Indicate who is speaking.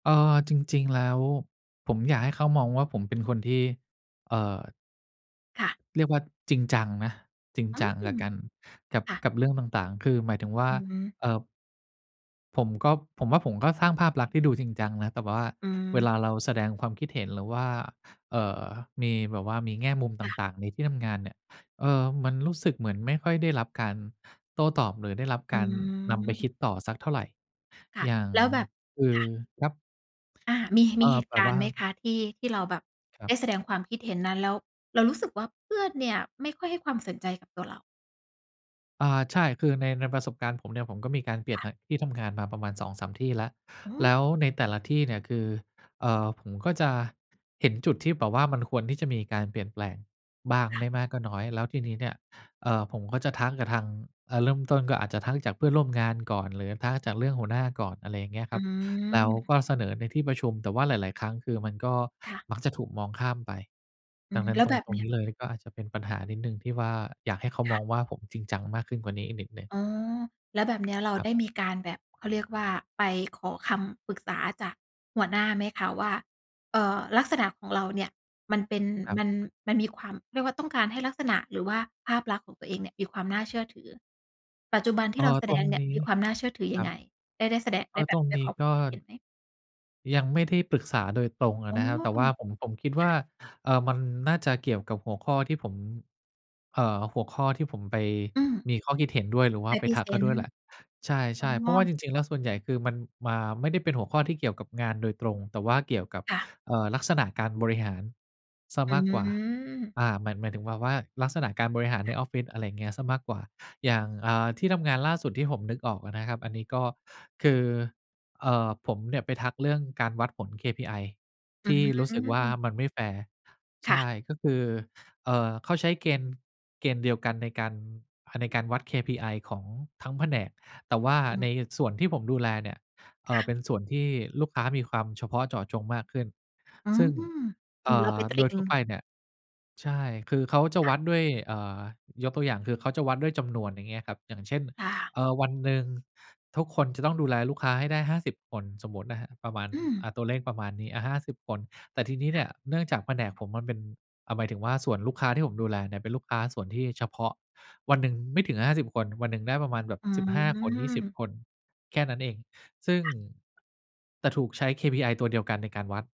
Speaker 1: เอ่อ จริง ๆ แล้ว ผมอยากให้เขามองว่าผมเป็นคนที่ เอ่อ
Speaker 2: ค่ะ
Speaker 1: เรียกว่าจริงจังนะ จริง
Speaker 2: อื
Speaker 1: จังแล้ว
Speaker 2: ม
Speaker 1: กัน กับ
Speaker 2: ค่ะ
Speaker 1: กับเรื่องต่าง ๆ คือหมายถึงว่า
Speaker 2: อือฮึ
Speaker 1: เอ่อ ผมก็ ผมว่าผมก็สร้างภาพลักษณ์ที่ดูจริงจังนะ แต่แบบว่า
Speaker 2: อื
Speaker 1: เว
Speaker 2: ม
Speaker 1: ลาเราแสดงความคิดเห็น หรือว่า เอ่อ มีแบบว่ามีแง่มุมต
Speaker 2: ค่ะ
Speaker 1: ่าง ๆ ในที่ทำงานเนี่ย เออ มันรู้สึกเหมือนไม่ค่อยได้รับการโต้ตอบ หรือได้รับ
Speaker 2: อื
Speaker 1: การนำไปค
Speaker 2: ม
Speaker 1: ิดต่อสักเท่าไร
Speaker 2: ค่ะ
Speaker 1: อย่าง
Speaker 2: แล้วแบบ
Speaker 1: คื
Speaker 2: ค
Speaker 1: อ
Speaker 2: ่ะ
Speaker 1: ครับ
Speaker 2: อา มี ม
Speaker 1: เอ
Speaker 2: ี
Speaker 1: ่
Speaker 2: เห
Speaker 1: อ
Speaker 2: ต
Speaker 1: แ
Speaker 2: ุ
Speaker 1: บ
Speaker 2: ก
Speaker 1: บ
Speaker 2: าร
Speaker 1: ว
Speaker 2: ณ
Speaker 1: ่
Speaker 2: ์
Speaker 1: า
Speaker 2: ไหมคะ ที่ ที่เราแบบ
Speaker 1: คร
Speaker 2: ไ
Speaker 1: ั
Speaker 2: ด
Speaker 1: บ
Speaker 2: ้แสดงความคิดเห็นนั้น แล้วเรารู้สึกว่า เพื่อนเนี่ยไม่ค่อยให้ความสนใจกับตัวเรา?
Speaker 1: อา ใช่ คือใน ในประสบการณ์ผมเนี่ย ผมก็มีการเปลี
Speaker 2: ค
Speaker 1: ่ยน
Speaker 2: ่ะ
Speaker 1: ท ที่ทำงานมาประมาณ 2-3 ที่แล้ว
Speaker 2: อื
Speaker 1: แล
Speaker 2: ม
Speaker 1: ้วในแต่ละที่เนี่ย คือ เอ่อ ผมก็จะเห็นจุดที่แบบว่า มันควรที่จะมีการเปลี่ยนแปลงบ้าง
Speaker 2: ค่ะ
Speaker 1: ไม่มากก็น้อย แล้วทีนี้เนี่ย เอ่อ ผมก็จะทักกับทาง เอ่อ เริ่มต้นก็อาจจะทักจากเพื่อนร่วมงานก่อน หรือทักจากเรื่องหัวหน้าก่อน อะไรอย่างเงี้ย
Speaker 2: อ
Speaker 1: ค
Speaker 2: ื
Speaker 1: รับ แล้วก
Speaker 2: ม
Speaker 1: ็เสนอในที่ประชุม แต่ว่าหลาย ๆ ครั้ง คือมันก็
Speaker 2: ค่ะ
Speaker 1: มักจะถูกมองข้ามไป
Speaker 2: อื
Speaker 1: ดั
Speaker 2: ม
Speaker 1: งนั้
Speaker 2: แล
Speaker 1: น
Speaker 2: ้ว
Speaker 1: ตร
Speaker 2: แบ
Speaker 1: ง
Speaker 2: บ
Speaker 1: ตร
Speaker 2: เ
Speaker 1: ง
Speaker 2: นี้
Speaker 1: น
Speaker 2: ย
Speaker 1: ี้เลย ก็อาจจะเป็นปัญหานิดหนึ่ง ที่ว่าอยากให้เขา
Speaker 2: ค
Speaker 1: ม
Speaker 2: ่
Speaker 1: อ
Speaker 2: ะ
Speaker 1: งว่า ผมจริงจังมากขึ้นกว่านี้อีกนิดหนึ่ง
Speaker 2: อ๋อ แล้วแบบเนี้ยเรา
Speaker 1: ครั
Speaker 2: ได
Speaker 1: บ
Speaker 2: ้มีการแบบ เขาเรียกว่า ไปขอคำปรึกษาจากหัวหน้าไหมคะว่า เอ่อ ลักษณะของเราเนี่ย มันเป็น
Speaker 1: ครั
Speaker 2: ม
Speaker 1: บ
Speaker 2: ัน มันมีความ เรียกว่าต้องการให้ลักษณะ หรือว่าภาพลักษณ์ของตัวเองเนี่ย มีความน่าเชื่อถือ ปัจจุบันท
Speaker 1: เ
Speaker 2: ี
Speaker 1: อ
Speaker 2: ่
Speaker 1: ่อ
Speaker 2: เราแส
Speaker 1: ต
Speaker 2: ด
Speaker 1: ร
Speaker 2: ง
Speaker 1: ง
Speaker 2: เนี่
Speaker 1: น
Speaker 2: ย
Speaker 1: ี
Speaker 2: ม
Speaker 1: ้
Speaker 2: ีความน่าเชื่อถือ
Speaker 1: ค
Speaker 2: ย
Speaker 1: ร
Speaker 2: ัง
Speaker 1: ั
Speaker 2: ไง
Speaker 1: บ
Speaker 2: ได้ ได้แสดง ไ
Speaker 1: ก
Speaker 2: ด้
Speaker 1: ็
Speaker 2: แบ
Speaker 1: ตร
Speaker 2: บ
Speaker 1: ง
Speaker 2: ไป
Speaker 1: นี้
Speaker 2: ขอค
Speaker 1: ก
Speaker 2: ว
Speaker 1: ็
Speaker 2: ามคิดเห็นไหม?
Speaker 1: ยังไม่ได้ปรึกษาโดยตรงอ
Speaker 2: อ๋
Speaker 1: ะ
Speaker 2: อ
Speaker 1: นะครับ แต่ว่าผม ผมคิดว
Speaker 2: ค
Speaker 1: ่า
Speaker 2: ่ะ
Speaker 1: เอ่อ มันน่าจะเกี่ยวกับหัวข้อที่ผม เอ่อ หัวข้อที่ผมไป
Speaker 2: อืม
Speaker 1: มีข้อคิดเห็นด้วย หรือว่
Speaker 2: ไ
Speaker 1: า
Speaker 2: ป
Speaker 1: ไป
Speaker 2: พรี
Speaker 1: ทั
Speaker 2: เ
Speaker 1: ก
Speaker 2: ซ
Speaker 1: เขา
Speaker 2: น
Speaker 1: ด้
Speaker 2: ต
Speaker 1: ว
Speaker 2: ์
Speaker 1: ยแหละ ใ
Speaker 2: อ
Speaker 1: ช
Speaker 2: ๋
Speaker 1: ่ ๆ เพราะว่าจ
Speaker 2: อ
Speaker 1: ริง ๆ แล้ว ส่วนใหญ่คือมันมา ไม่ได้เป็นหัวข้อที่เกี่ยวกับงานโดยตรง แต่ว่าเกี่ยวกับ
Speaker 2: ค่ะ
Speaker 1: เอ่อ ลักษณะการบริหารเสีย
Speaker 2: อ
Speaker 1: มากกว่า
Speaker 2: ืม
Speaker 1: อา เหมือนหมายถึงแบบว่า ลักษณะการบริหาร
Speaker 2: ค
Speaker 1: ใน
Speaker 2: ่ะ
Speaker 1: ออฟฟิศ อะไรเงี้ย เสียมากกว่า อย่าง อ่า ที่ทำงานล่าสุด ที่ผมนึกออกอะนะครับ อันนี้ก็คือ เอ่อ ผมเนี่ยไปทักเรื่องการวัดผล KPI
Speaker 2: อื
Speaker 1: ที่รู้สึกว่า
Speaker 2: ม
Speaker 1: มันไม่แฟร์
Speaker 2: ค
Speaker 1: ใช
Speaker 2: ่ะ
Speaker 1: ่ ก็คือ เอ่อ เขาใช้เกณฑ์ เกณฑ์เดียวกันในการ อะ ในการวัด KPI ของทั้งแผนก แต่ว่า
Speaker 2: อือ
Speaker 1: ในส่วนที่ผมดูแลเนี่ย เอ
Speaker 2: ค
Speaker 1: ่
Speaker 2: ่
Speaker 1: อ เ
Speaker 2: ะ
Speaker 1: ป็นส่วนที่ลูกค้ามีความเฉพาะเจาะจงมากขึ้น
Speaker 2: อื
Speaker 1: ซ
Speaker 2: ม
Speaker 1: ึ่ง
Speaker 2: เ
Speaker 1: เอ
Speaker 2: หมือ
Speaker 1: ่
Speaker 2: นเราไป
Speaker 1: อ
Speaker 2: ต
Speaker 1: โด
Speaker 2: ิ
Speaker 1: ยทั่ว
Speaker 2: ง
Speaker 1: ไปเนี่ย ใช่ คือเขาจะ
Speaker 2: ค่
Speaker 1: ว
Speaker 2: ะ
Speaker 1: ัดด้วย อ่า ยกตัวอย่างคือ เขาจะวัดด้วยจำนวน อย่างเงี้ยครับ อย่างเช่น
Speaker 2: ค่ะ
Speaker 1: เอ่อ วันหนึ่งทุกคนจะต้องดูแลลูกค้าให้ได้ 50 คน สมมตินะครับ ประมาณ
Speaker 2: อืม
Speaker 1: อ่า ตัวเลขประมาณนี้ อะ 50 คน แต่ทีนี้
Speaker 2: ค
Speaker 1: เน
Speaker 2: ่
Speaker 1: ี
Speaker 2: ะ
Speaker 1: ่ย เนื่องจากแผนกผมมันเป็น อะ หมายถึงว่าส่วนลูกค้าที่ผมดูแลเนี่ย เป็นลูกค้าส่วนที่เฉพาะ วันหนึ่งไม่ถึง 50 คน วันหนึ่งได้ประมาณแบบ
Speaker 2: อื
Speaker 1: 15 คน 20
Speaker 2: ม
Speaker 1: คน แค่นั้นเอง ซึ่ง
Speaker 2: ค่ะ
Speaker 1: แต่ถูกใช้ KPI ตัวเดียวกันในการวัด